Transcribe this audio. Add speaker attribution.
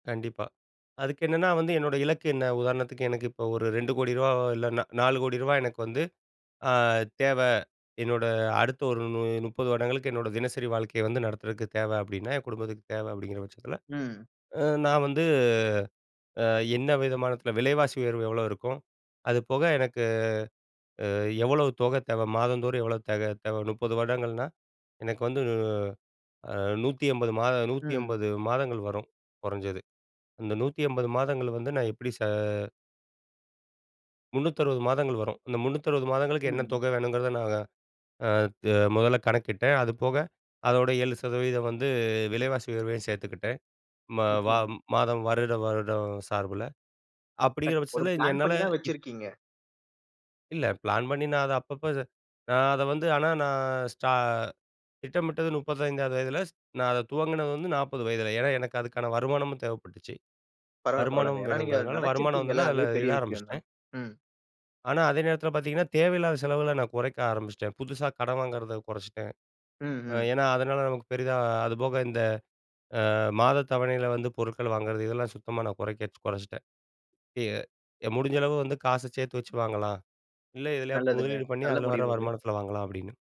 Speaker 1: கண்டிப்பா. அதுக்கு என்னன்னா வந்து என்னோட இலக்கு என்ன? உதாரணத்துக்கு எனக்கு இப்ப ஒரு 2 கோடி ரூபாய், இல்ல ந 4,00,00,000 எனக்கு வந்து ஆ தேவை. என்னோட அடுத்த ஒரு மு 30 வருடங்களுக்கு என்னோட தினசரி வாழ்க்கையை வந்து நடத்துறதுக்கு தேவை அப்படின்னா, என் குடும்பத்துக்குத் தேவை. அப்படிங்கிற பட்சத்துல,
Speaker 2: ம்.
Speaker 1: அ நான் வந்து அ என்ன விதமானத்துல விலைவாசி உயர்வு எவ்வளவு இருக்கும்? அது போக எனக்கு அ எவ்வளவு தொகை தேவை? மாதம் தோறும் எவ்வளவு தேவை தேவை? 30 வருடங்கள்னா எனக்கு வந்துனு அ 180 மாத நூத்தி
Speaker 2: ம்.
Speaker 1: எம்பது மாதங்கள் வரும். குறைஞ்சது. அந்த 180 மாதங்கள் வந்து நான் எப்படி? ச 360 மாதங்கள் வரும். அந்த 360 மாதங்களுக்கு என்ன
Speaker 2: ம்.
Speaker 1: தொகை வேணும்ங்கறத நான் அ த முதல்ல கணக்கிட்டேன். அது போக அதோட 7% வந்து விலைவாசி உயர்வையும் சேர்த்துக்கிட்டேன். மா வ
Speaker 2: நிச்சயமா.
Speaker 1: மாதம் வருட வருடம் சார்புல அப்படிங்கற
Speaker 2: கட் ஒரு
Speaker 1: பட்சத்துல
Speaker 2: ப்ளான்
Speaker 1: என்னால
Speaker 2: பண்ணித்தான்
Speaker 1: இப்
Speaker 2: வச்சிருக்கீங்க.
Speaker 1: இல்ல ப்ளேன் பண்ணி நான் அத அப்பப்ப இத நான் அதை வந்து ஆனா நான் ஸ்டா திட்டமிட்டது 35 வயதில நான் ஸ் அது துவங்குனது வந்து 40 வயதில. ஏன்னா எனக்கு அதுக்கான வருமானமும் தேவைப்பட்டுச்சு.
Speaker 2: பரவால்ல, பரவால்லங்க.
Speaker 1: வருமானம்
Speaker 2: ஏன்னா, நீங்க அதை
Speaker 1: வேணும்ங்கறதுனால வருமானம்
Speaker 2: நினச்சிருக்கீங்க இல்ல?
Speaker 1: வந்தவுடனே
Speaker 2: அதே
Speaker 1: அதுல இட
Speaker 2: பெரிய விஷயம்
Speaker 1: ஆரம்பிச்சிட்டேன்.
Speaker 2: தான். ம்.
Speaker 1: ஆனா அதே நேரத்துல பார்த்தீங்கன்னா, தேவையில்லாத செலவுகளை நான் குறைக்க ஆரம்பிச்சிட்டேன். புதுசா கடன் வாங்கறதை குறைச்சிட்டேன்.
Speaker 2: ம்,
Speaker 1: அ
Speaker 2: ம்.
Speaker 1: ஏன்னா அதனால நமக்கு பெரிதா, அது போக இந்த அ மாதத் தவணையில வந்து பொருட்கள் வாங்குறது இதெல்லாம் சுத்தமா நான் குறைக்கச் குறைச்சிட்டேன். அ முடிஞ்ச அளவு வந்து காசை சேர்த்து வச்சு வாங்கலாம். இல்ல இதுலயா
Speaker 2: நல்லதுங்க.
Speaker 1: முதலீடு பண்ணி
Speaker 2: நல்ல
Speaker 1: அதுல வர
Speaker 2: முடிவு இது.
Speaker 1: வருமானத்துல வாங்கலாம் அப்படின்னு.